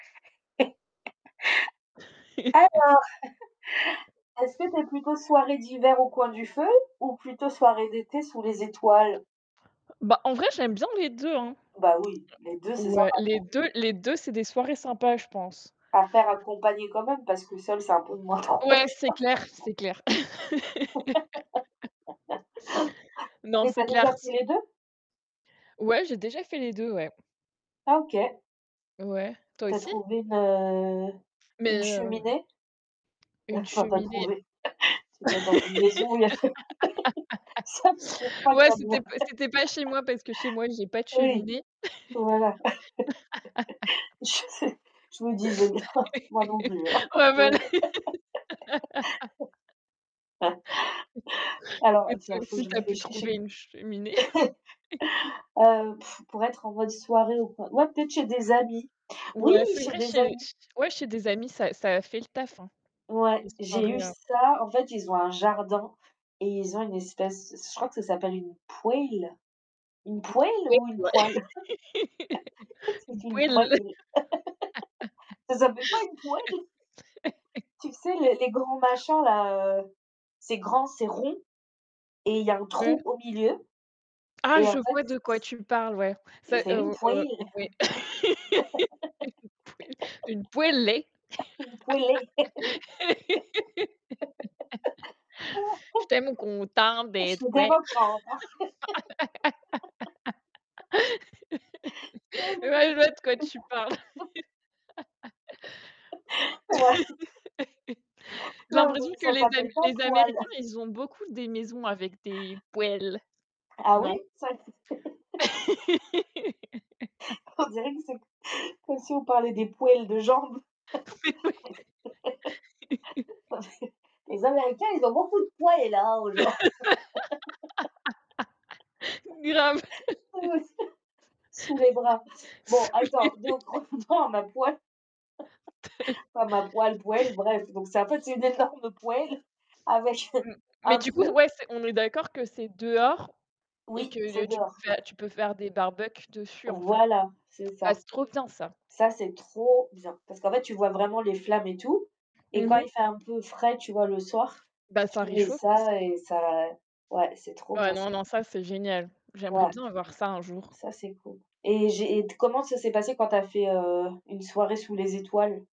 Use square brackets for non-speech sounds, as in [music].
[chuckles] Alors, [chuckles] [chuckles] est-ce que tu es plutôt soirée d'hiver au coin du feu? Ou plutôt soirée d'été sous les étoiles? Bah, en vrai, j'aime bien les 2 hein. Bah, oui, les 2, c'est Ouais, sympa, les quoi. 2, les 2 c'est des soirées sympas, je pense. À faire accompagné quand même, parce que seul, c'est un peu de moins drôle je pense Ouais, c'est clair, c'est clair. [laughs] [laughs] Non, Mais tu c'est as clair déjà fait s les 2? Ouais, j'ai déjà fait les 2, ouais. Ah, OK. Ouais, toi Tu as aussi? trouvé une, heu, Mais, une heu, cheminée? Ouais, une enfin, tu as cheminée. trouvé. [chuckles] Tu dois être dans une maison, où il y a [laughs] ça ne se trouve [laughs] pas Ouais, comme ouais. c'était pas c'était pas chez moi, parce que chez moi, j'ai [laughs] pas de Oui. cheminée. Voilà. [chuckles] [laughs] Je sais, je me disais bien, moi non plus, hein. [laughs] Ouais, bah là Non. [laughs] [laughs] Alors, Et heu, tiens, toi faut que aussi, je tu as pu réfléchisse trouver et une cheminée? [chuckles] [chuckles] ah, heu, [scoffs] pour être en mode soirée, ou quoi. Ouais, peut-être chez des amis. Oui! Ouais, c'est Chez vrai, des chez amis. ch ouais, chez des amis, ça ça a fait le taf, hein. Ouais, Des j'ai soirées, eu heu ça. En fait, ils ont un jardin et ils ont une espèce, je crois que ça s'appelle une poêle, [unintelligible] une poêle ou une poêle? [chuckles] [laughs] C'est une une poêle. poêle [laughs] Ca s'appelle pas une poêle? [chuckles] Tu sais, [laughs] les les grands machins là, heu, c'est grand, c'est rond et il y a un trou Ouais. au milieu Ah et je en fait, vois c de quoi c tu parles, ouais. et C'est, c'est heu une v heu, poêle, ouais, [laughs] une poêlée. Une poêlée. [laughs] une poêlée. [laughs] Je suis [laughs] tellement content de te voir. [unintelligible] [laughs] Ouais, [laughs] non, Ouais, j'en je vois de quoi tu parles. peux plus. [chuckles] [chuckles] Ouais. [chuckles] [laughs] J'ai Non, mais parce l'impression que que ça les am s'appelle pas les poêle. américains, [chuckles] ils ont beaucoup des maisons avec des poêles, Ah oui, non? ça [unintelligible] [chuckles] On dirait que [laughs] c'est c comme si on parlait des poils de jambes. Mais oui. [laughs] [laughs] Non, mais les américains, ils ont beaucoup de poils, hein, aux jam [laughs] Grave. [laughs] ah [laughs] ouais, sous sous les bras. [chuckles] Bon, Sous attends, les [unintelligible] donc, retournons à ma poêle, [chuckles] pas ma poil, poêle, [chuckles] bref. Donc, c'est en fait, c'est une énorme poêle avec un [chuckles] M mais un du coup, trou. ouais, c'est on est d'accord que c'est dehors et que, Oui, c'est heu, tu peux dehors. faire tu peux faire des barbecues dessus, en fait. Voilà, c'est Ah, ça. c'est trop bien ça. Ça, c'est trop bien, parce qu'en fait, tu vois vraiment les flammes et tout, et Mmh quand mh. il fait un peu frais, tu vois, le soir, Bah, ça tu mets réchauffe aussi. ça et ça ouais, c'est trop Ouais, bien, ça. non, non, ça, c'est génial. J'aimerais Ouais, bien avoir ça, un jour. ça, c'est cool. Et j'ai et t comment ça s'est passé quand tu as fait, heu, une soirée sous les étoiles?